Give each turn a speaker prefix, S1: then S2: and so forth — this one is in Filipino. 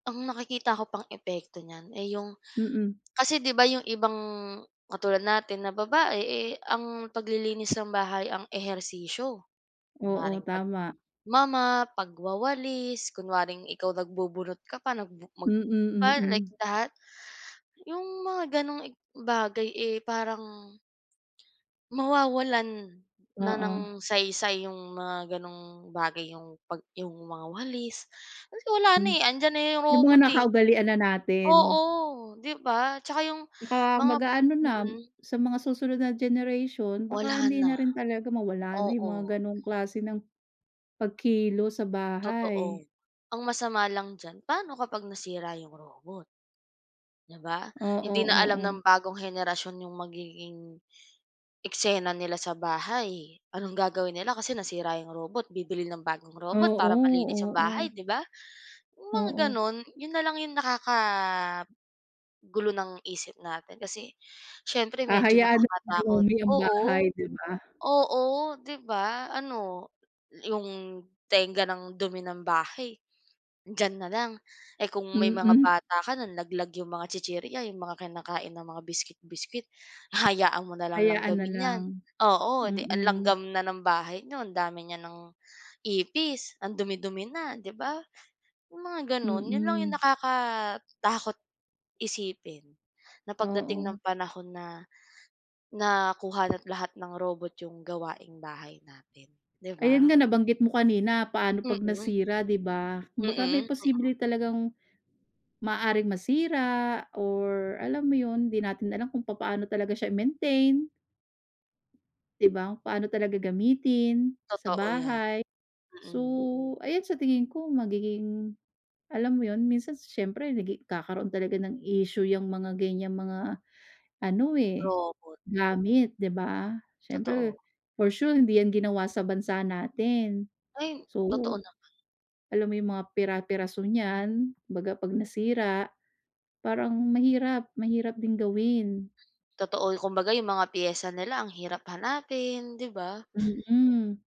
S1: Ang nakikita ko pang epekto niyan, eh, 'yong,
S2: Mm.
S1: kasi 'di ba, 'yong ibang katulad natin na babae, eh, ang paglilinis ng bahay ang ehersisyo.
S2: Oo,
S1: Kunwaring,
S2: tama.
S1: pagmo-mop, pagwawalis, kunwaring, ikaw nagbubunot ka pa, nag mag
S2: Mm,
S1: ba like
S2: mm.
S1: that. 'Yong mga gano'ng i bagay eh, parang mawawalan, na
S2: Oo.
S1: ng saysay, yung mga gano'ng bagay yung, 'pag yung mga walis, kasi wala na
S2: Hmm.
S1: eh, andiyan na yung
S2: Yung mga
S1: robot eh.
S2: nakaugalian na natin.
S1: Oo, 'di ba, tsaka yung
S2: Tsaka
S1: mga
S2: mag-aano na,
S1: mm.
S2: sa mga susunod na generation, baka
S1: Wala
S2: hindi
S1: na.
S2: na rin talaga, mawala na yung
S1: Oo.
S2: mga ganong klase ng pagkilos sa bahay.
S1: Totoo. Ang masama lang diyan, paano kapag nasira yung robot. 'Di ba?
S2: Oo,
S1: Hindi na alam ng
S2: oo.
S1: bagong henerasyon yung magiging, eksena nila sa bahay, anong gagawin nila kasi nasira 'yong robot, bibili ng bagong robot para malinis
S2: Oo,
S1: 'yong bahay,
S2: oo.
S1: 'di ba? 'Yong mga
S2: Oo.
S1: gano'n, 'yon na lang 'yong nakakagulo ng isip natin, kasi siyempre medyo
S2: Hahayaan na
S1: nakakatakot,
S2: dumumi yung
S1: oo.
S2: bahay, 'di ba.
S1: Oo, 'di ba, ano, 'yong tengga ng dumi ng bahay, diyan na lang, eh, kung may mga
S2: Mm.
S1: bata ka, nalaglag 'yong mga tsitsirya, 'yong mga kinakain na mga biscuit, biscuit. Hahayaan mo na lang
S2: Hayaan na
S1: langgamin 'yan,
S2: lang,
S1: oo, 'di ang
S2: mm.
S1: langgam na ng bahay niyo, ang dami niya ng ipis, ang dumi-dumi na, 'di ba? 'Yong mga gano'n, 'yon lang 'yong
S2: Mm.
S1: nakakatakot isipin, na pagdating ng
S2: Oo.
S1: panahon na, nakuha na't lahat ng robot yung gawaing bahay natin, 'di
S2: Ayun
S1: ba?
S2: nga, nabanggit mo kanina, paano 'pag
S1: Mm.
S2: nasira, 'di ba?
S1: Mm,
S2: Kumbaga may
S1: mm.
S2: posible talagang, maaaring masira or, alam mo yun, 'di natin alam kung papaano talaga siya i-maintain. 'Di ba, paano talaga gamitin, sa
S1: Totoo 'yan.
S2: bahay. So,
S1: Mm.
S2: ayan sa tingin ko magiging, alam mo yun minsan si siyempre nagi nagkakaroon talaga ng issue yang mga ganyang mga ano eh,
S1: Robot.
S2: gamit, 'di ba? Siyempre,
S1: Totoo.
S2: for sure, hindi 'yan ginawa sa bansa natin.
S1: Ay,
S2: So,
S1: totoo naman.
S2: alam mo yung mga pira-piraso niyan, kumbaga 'pag nasira, parang mahirap, mahirap din gawin.
S1: Totoo, kumbaga, yung mga piyesa nila ang hirap hanapin, 'di ba?
S2: Mm.